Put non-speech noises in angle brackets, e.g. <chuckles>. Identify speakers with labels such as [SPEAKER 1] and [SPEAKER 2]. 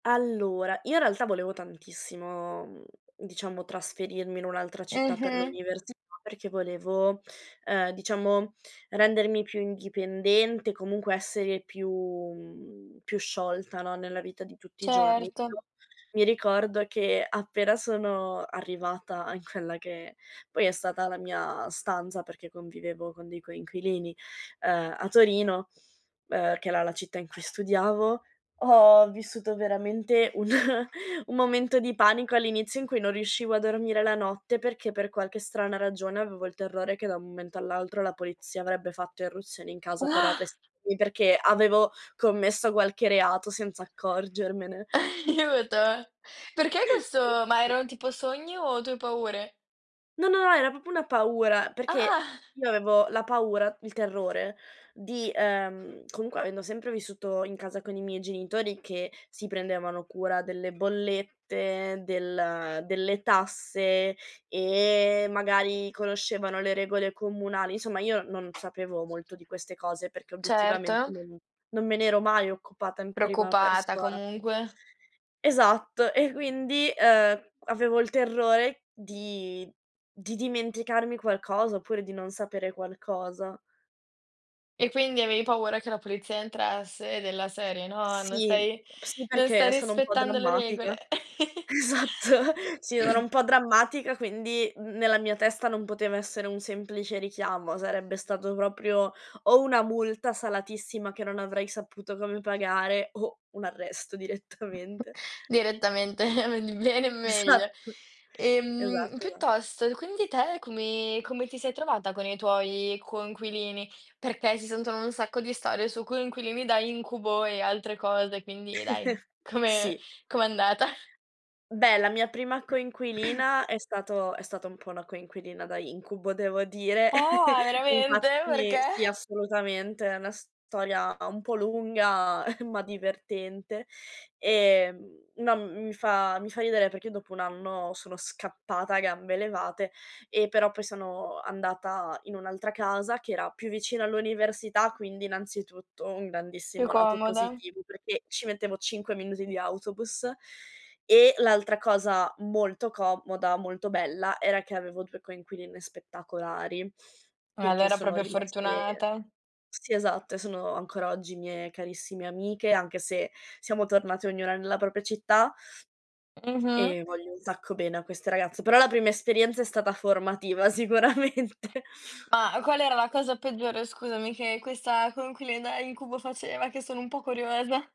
[SPEAKER 1] Allora, io in realtà volevo tantissimo, mhmm, diciamo trasferirmi in un'altra città per
[SPEAKER 2] Mh-mh.
[SPEAKER 1] l'università perché volevo, uhm, diciamo rendermi più indipendente, comunque essere più, mhmm, più sciolta, no, nella vita di tutti i giorni, più
[SPEAKER 2] Certo.
[SPEAKER 1] mi ricordo che appena sono arrivata in quella che poi è stata la mia stanza, perché convivevo con dei coinquilini, uhm, a Torino, uhm, che era la città in cui studiavo, ho vissuto veramente un un momento di panico all'inizio in cui non riuscivo a dormire la notte perché per qualche strana ragione avevo il terrore che da un momento all'altro la polizia avrebbe fatto irruzione in casa per
[SPEAKER 2] Ua.
[SPEAKER 1] arrestarmi perché avevo commesso qualche reato senza accorgermene.
[SPEAKER 2] Aiuto.
[SPEAKER 1] <laughs>
[SPEAKER 2] Perché
[SPEAKER 1] Sì,
[SPEAKER 2] questo ma
[SPEAKER 1] sì.
[SPEAKER 2] era un tipo sogno o tue paure?
[SPEAKER 1] No, no, no, era proprio una paura perché
[SPEAKER 2] Ah. <chuckles>
[SPEAKER 1] io avevo la paura, il terrore di uhm, comunque avendo sempre vissuto in casa con i miei genitori che si prendevano cura delle bollette, del delle tasse e magari conoscevano le regole comunali. Insomma, io non sapevo molto di queste cose perché obiettivamente
[SPEAKER 2] Certo.
[SPEAKER 1] non non me n'ero mai occupata in prima
[SPEAKER 2] Preoccupata,
[SPEAKER 1] persona.
[SPEAKER 2] comunque.
[SPEAKER 1] Esatto e quindi, uhm, avevo il terrore di di dimenticarmi qualcosa oppure di non sapere qualcosa.
[SPEAKER 2] E quindi avevi paura che la polizia entrasse della serie, no, non
[SPEAKER 1] Sì,
[SPEAKER 2] stai
[SPEAKER 1] sì
[SPEAKER 2] non stai
[SPEAKER 1] perché sono un po'
[SPEAKER 2] rispettando le regole.
[SPEAKER 1] drammatica. Esatto, sì, sono
[SPEAKER 2] <laughs>
[SPEAKER 1] un po' drammatica quindi n n nella mia testa non poteva essere un semplice richiamo, stato proprio o una multa salatissima che non avrei saputo come pagare o un arresto
[SPEAKER 2] <chuckles>
[SPEAKER 1] direttamente.
[SPEAKER 2] Direttamente, eh di bene, in meglio.
[SPEAKER 1] Esatto.
[SPEAKER 2] Ehm
[SPEAKER 1] Esatto, esatto. Sì.
[SPEAKER 2] piuttosto, quindi te come come ti sei trovata con i tuoi coinquilini? Perché si sentono un sacco di storie su coinquilini da incubo e altre cose, quindi dai,
[SPEAKER 1] <laughs>
[SPEAKER 2] come
[SPEAKER 1] Sì.
[SPEAKER 2] com'è andata?
[SPEAKER 1] Beh la mia prima
[SPEAKER 2] <clears throat>
[SPEAKER 1] coinquilina è stato è stata un po' po' una coinquilina da incubo devo dire.
[SPEAKER 2] Ah
[SPEAKER 1] <laughs>
[SPEAKER 2] veramente,
[SPEAKER 1] Infatti
[SPEAKER 2] perché?
[SPEAKER 1] sì, assolutamente, è una storia un po' lunga <chuckles> ma divertente. Ehm, no, mhmm, mi fa mi fa ridere perché dopo un anno sono scappata a gambe levate e però poi sono andata in un'altra casa che era più vicina all'università, quindi innanzitutto un
[SPEAKER 2] Più
[SPEAKER 1] grandissimo lato
[SPEAKER 2] comoda.
[SPEAKER 1] positivo perché ci mettevo 5 minuti di autobus e l'altra cosa molto comoda, molto bella era che avevo 2 coinquiline spettacolari e che
[SPEAKER 2] Allora
[SPEAKER 1] sono
[SPEAKER 2] proprio
[SPEAKER 1] rimaste
[SPEAKER 2] fortunata.
[SPEAKER 1] sì, esatto, sono ancora oggi mie carissime amiche, anche se siamo tornate ognuna nella propria città.
[SPEAKER 2] Mh-mh.
[SPEAKER 1] E voglio un sacco bene a queste ragazze. Però la prima esperienza è stata formativa sicuramente.
[SPEAKER 2] Ma qual era la cosa peggiore scusami che questa con cui le da incubo faceva che sono un po' curiosa?